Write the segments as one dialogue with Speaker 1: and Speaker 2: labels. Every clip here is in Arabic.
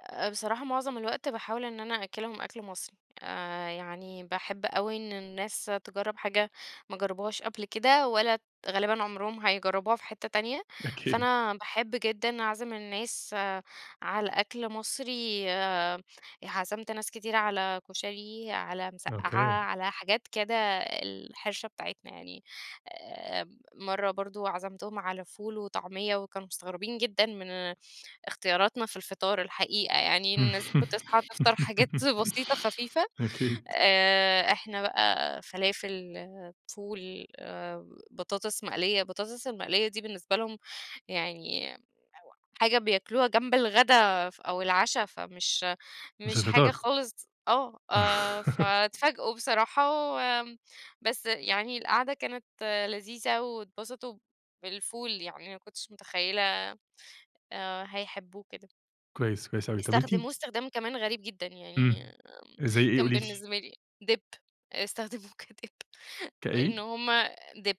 Speaker 1: آآ، بصراحة معظم الوقت باحاول إن أنا أأكلهم أكْل مصري، آآ يعني باحب أوي إن الناس تجرّب حاجة ما جربوهاش قبل كده ولا غالبًا عمرهم هيجربوها في حتّة تانية،
Speaker 2: أكيد.
Speaker 1: فأنا باحب جدًا اعزم الناس على أكْل مصري. عزمت ناس كتيرة على كُشري على مسقّّعة
Speaker 2: أوكي.
Speaker 1: على حاجات كده الحِرشة بتاعتنا يعني، آآ مَرّة برضو عزمتهم على فول وطعمية وكانوا مستغربين جدًا من اختياراتنا في الفطار الحقيقة يعني، الناس بتصحى تفطر حاجات بسيطة خفيفة
Speaker 2: أكيد.
Speaker 1: آآ، إحنا بقى فلافل، فول، بطاطس مقلية، البطاطس المقلية دي بالنسبة لهم يعني [unintelligible] حاجة بياكلوها جنب الغدا ف أو العشا، فمش
Speaker 2: مش
Speaker 1: مش حاجة
Speaker 2: الفطار.
Speaker 1: خالص آه، آآ فتفاجؤوا بصراحة و بس يعني القعدة كانت لذيذة واتبسطوا بالفول يعني ما كنتش متخيلة، آآ، هيحبوه كده.
Speaker 2: كويس، كويس أوي، طَب أنتِ
Speaker 1: استخدموه استخدام كمان غريب جدًا، يعني
Speaker 2: إمم، زي إيه
Speaker 1: كان
Speaker 2: قولي لي؟
Speaker 1: بالنسبة لي dip، استخدموه كdip، لأن
Speaker 2: كإيه؟
Speaker 1: هُم dip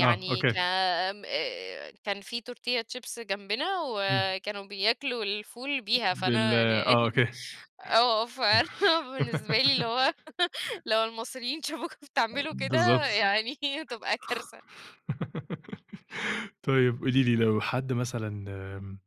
Speaker 2: آه،
Speaker 1: ك
Speaker 2: أوكي.
Speaker 1: م كان في Tortilla chips جنبنا
Speaker 2: إمم.
Speaker 1: وكانوا بياكلوا الفول بيها،
Speaker 2: بال
Speaker 1: فأنا ل
Speaker 2: آه، أوكي.
Speaker 1: آه، فأنا بالنسبة لي اللي هو لو المصريين شافوكوا
Speaker 2: ا
Speaker 1: بتعملوا كده
Speaker 2: بالضبط.
Speaker 1: يعني هتبقى كارثة.
Speaker 2: طيب قُولي لي لو حد مثلًا آمم،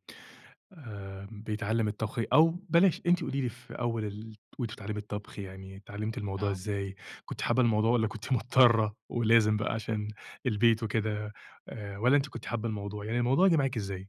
Speaker 2: آآ، بيتعلم الطبخ أو بلاش، أنتِ قُولي لي في أول ال وأنتِ بتتعلمي الطبخ يعني اتعلمتِ الموضوع
Speaker 1: آه.
Speaker 2: إزاي، كنتِ حابة الموضوع والّا كنتِ مضطرة ولازم بقى عشان البيت وكده آآ، والّا أنتِ كنتِ حابة الموضوع، يعني الموضوع جه معاكِ إزاي؟